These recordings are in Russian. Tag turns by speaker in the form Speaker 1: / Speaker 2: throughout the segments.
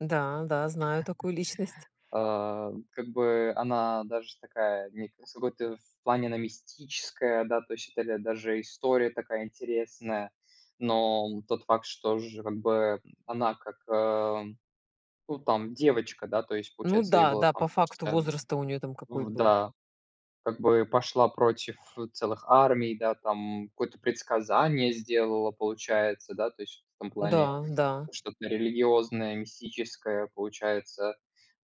Speaker 1: Да, да, знаю такую личность.
Speaker 2: А, как бы она даже такая, некая с вот в плане она мистическая, да, то есть это, да, даже история такая интересная. Но тот факт, что же как бы она как, ам. Ну, там девочка, да, то есть
Speaker 1: Ну
Speaker 2: получается ей там
Speaker 1: да
Speaker 2: было
Speaker 1: да.
Speaker 2: там,
Speaker 1: По
Speaker 2: кажется
Speaker 1: факту
Speaker 2: а
Speaker 1: возраст-то у неё там какой
Speaker 2: в,
Speaker 1: был.
Speaker 2: да, дак бы пошла против, э, целых армий, да там, какое-то предсказание сделала, получается, да, то есть что-то в плане
Speaker 1: Да, да.
Speaker 2: что-то религиозное, мистическое, получается.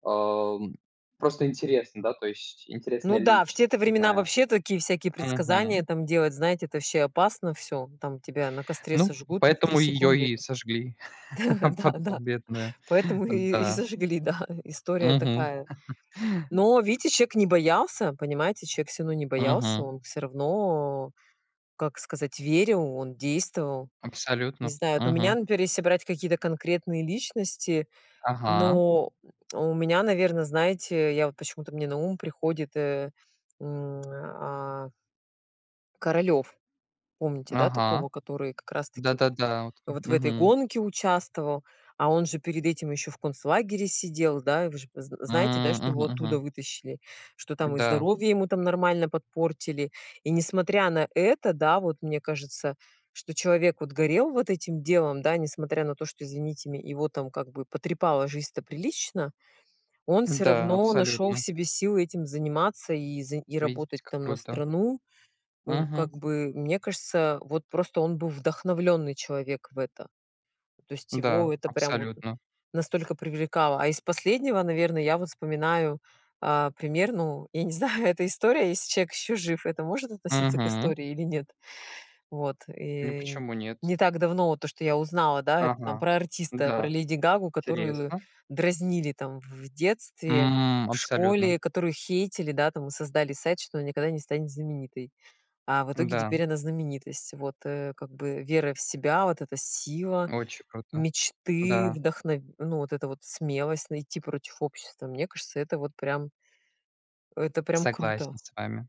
Speaker 2: Ам, просто интересно, да, то есть,
Speaker 1: Ну
Speaker 2: интересная
Speaker 1: да, в те то
Speaker 2: личность.
Speaker 1: времена
Speaker 2: Да.
Speaker 1: вообще такие всякие
Speaker 2: Мгм.
Speaker 1: предсказания там делать, знаете, это ваще опасно всё. М, там тебя на костре
Speaker 2: Ну,
Speaker 1: сожгут в 3
Speaker 2: поэтому её
Speaker 1: секунды.
Speaker 2: и сожгли, а
Speaker 1: Да-да,
Speaker 2: потом бедную.
Speaker 1: поэтому и и
Speaker 2: Да.
Speaker 1: сожгли, да, ы и история
Speaker 2: Мгм.
Speaker 1: такая. Но, вдидите, человек не боялся, понимаете, человек всё равно не боялся
Speaker 2: Мгм.
Speaker 1: он всё равно как сказать, верил, он действовал. Не
Speaker 2: Абсолютно.
Speaker 1: знаю, вот у меня,
Speaker 2: Мгм.
Speaker 1: например, если брать какие-то конкретные личности
Speaker 2: Ага.
Speaker 1: но у меня, наверно, знаете, я вот почему-то мне на ум приходит, э, м, а. Королёв помните, да,
Speaker 2: Ага.
Speaker 1: такого, который как раз таки вот
Speaker 2: Да-да-да. От.
Speaker 1: вот в этой
Speaker 2: Мгм.
Speaker 1: гонке участвовал. А он же перед этим ещё в концлагере сидел, да, и вы же зн з знаете, да,
Speaker 2: М,
Speaker 1: что
Speaker 2: мгм
Speaker 1: его оттуда
Speaker 2: мгм.
Speaker 1: вытащили. Что там и
Speaker 2: Да.
Speaker 1: здоровье ему там нормально подпортили. И не смотря на это, да, вот мне кажется, что человек, вот горел вот этим делом, да, не смотря на то, что извините ме его там как бы потрепала жизнь-то прилично. Он всё
Speaker 2: Да,
Speaker 1: равно нашёл в
Speaker 2: абсолютно.
Speaker 1: себе силы этим заниматься и заи и работать
Speaker 2: Видите, как
Speaker 1: там на
Speaker 2: круто.
Speaker 1: страну. Э,
Speaker 2: Мгм.
Speaker 1: как бы, мне кажется, вот просто он был вдохновлённый человек в это, то есть его
Speaker 2: Да,
Speaker 1: это прям вот н
Speaker 2: абсолютно.
Speaker 1: настолько привлекало. А из последнего, наверное, я вот вспоминаю, а, пример, ну, я не знаю, это история, если человек ещё жив, это может относиться к
Speaker 2: Мгм.
Speaker 1: истории или нет. Вот,
Speaker 2: Ну,
Speaker 1: и н
Speaker 2: почему нет?
Speaker 1: не так давно вот то, что я узнала, да, это там
Speaker 2: Ага.
Speaker 1: про артиста, про
Speaker 2: Да.
Speaker 1: Леди Гагу, которую
Speaker 2: Интересно.
Speaker 1: дразнили там в в детстве,
Speaker 2: М,
Speaker 1: в
Speaker 2: абсолютно.
Speaker 1: школе, которую хейтили, да, там и создали сайт, что она никогда не станет знаменитой. А в итоге
Speaker 2: Да.
Speaker 1: теперь она знаменитость, вот. Э, как бы, вера в себя, вот эта сила,
Speaker 2: Очень круто.
Speaker 1: мечты,
Speaker 2: Да.
Speaker 1: вдохн ну, вот эта вот смелость. Найти против общества. Мне кажется, это вот прям это прям
Speaker 2: Согласен
Speaker 1: круто.
Speaker 2: с вами.